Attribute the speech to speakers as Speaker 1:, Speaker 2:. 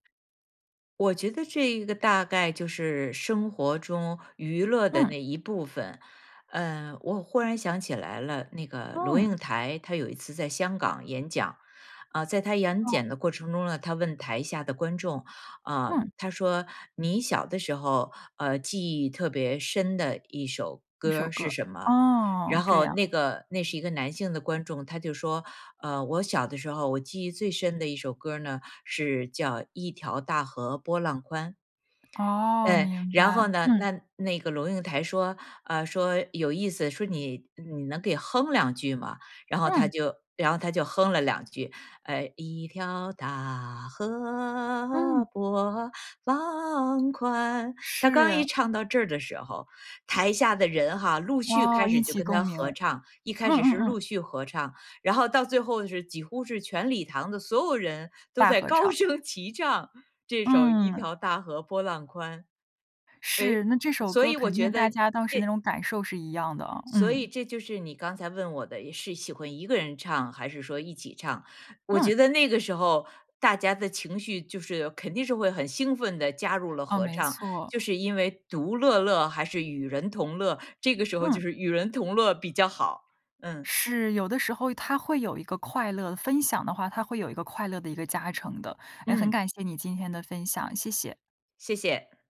Speaker 1: 我觉得这一个，大概就是生活中娱乐的
Speaker 2: 嗯。
Speaker 1: 那一部分。呃，我忽然想起来了，那个龙应
Speaker 2: 嗯。
Speaker 1: 台，她有一次在香港演讲。啊，在她演
Speaker 2: 嗯。
Speaker 1: 讲的过程中呢，她问台下的观众，啊
Speaker 2: 嗯。
Speaker 1: 她说：“你小的时候，呃，记忆特别深的一首
Speaker 2: 一
Speaker 1: 歌
Speaker 2: 首
Speaker 1: 儿是
Speaker 2: 歌。
Speaker 1: 什么？”
Speaker 2: 哦，
Speaker 1: 然
Speaker 2: 这
Speaker 1: 后
Speaker 2: 样。
Speaker 1: 那个那是一个男性的观众，他就说：“呃，我小的时候，我记忆最深的一首歌儿呢，是叫一条大河波浪宽。”
Speaker 2: 哦，
Speaker 1: 嗯，
Speaker 2: 明
Speaker 1: 然后
Speaker 2: 白，
Speaker 1: 呢，
Speaker 2: 嗯。
Speaker 1: 那那个龙应台说，啊，说有意思。说你你能给哼两句吗？然后他
Speaker 2: 嗯。
Speaker 1: 就然后他就哼了2句，呃，一条大
Speaker 2: 嗯。
Speaker 1: 河波浪宽。他刚一
Speaker 2: 是。
Speaker 1: 唱到这儿的时候，台下的人哈，陆续
Speaker 2: 哇，
Speaker 1: 开
Speaker 2: 一
Speaker 1: 始就
Speaker 2: 起
Speaker 1: 跟
Speaker 2: 共
Speaker 1: 他
Speaker 2: 鸣。
Speaker 1: 合唱。一开
Speaker 2: 嗯
Speaker 1: 始
Speaker 2: 嗯
Speaker 1: 是陆
Speaker 2: 嗯。
Speaker 1: 续合唱，然后到最后是，几乎是全礼堂的所有人，都
Speaker 2: 大
Speaker 1: 在
Speaker 2: 合唱。
Speaker 1: 高声齐唱这首一
Speaker 2: 嗯。
Speaker 1: 条大河波浪宽。哎，
Speaker 2: 是，那这首
Speaker 1: 所
Speaker 2: 歌
Speaker 1: 以我
Speaker 2: 肯
Speaker 1: 觉
Speaker 2: 定大
Speaker 1: 得，
Speaker 2: 家当时那
Speaker 1: 这
Speaker 2: 种感受是一样的。
Speaker 1: 所以
Speaker 2: 嗯。
Speaker 1: 这就是你刚才问我的，是喜欢一个人唱，还是说一起唱。我觉
Speaker 2: 嗯。
Speaker 1: 得那个时候，大家的情绪就是肯定是会很兴奋地加入了
Speaker 2: 哦，
Speaker 1: 合
Speaker 2: 没
Speaker 1: 唱。就
Speaker 2: 错。
Speaker 1: 是，因为独乐乐还是与人同乐这个时候就
Speaker 2: 嗯。
Speaker 1: 是与人同乐比较好，嗯。
Speaker 2: 是，有的时候它会有一个快乐，分享的话，它会有一个快乐的一个加成的。哎，很
Speaker 1: 嗯。
Speaker 2: 感谢你今天的分享，谢谢。
Speaker 1: 谢谢。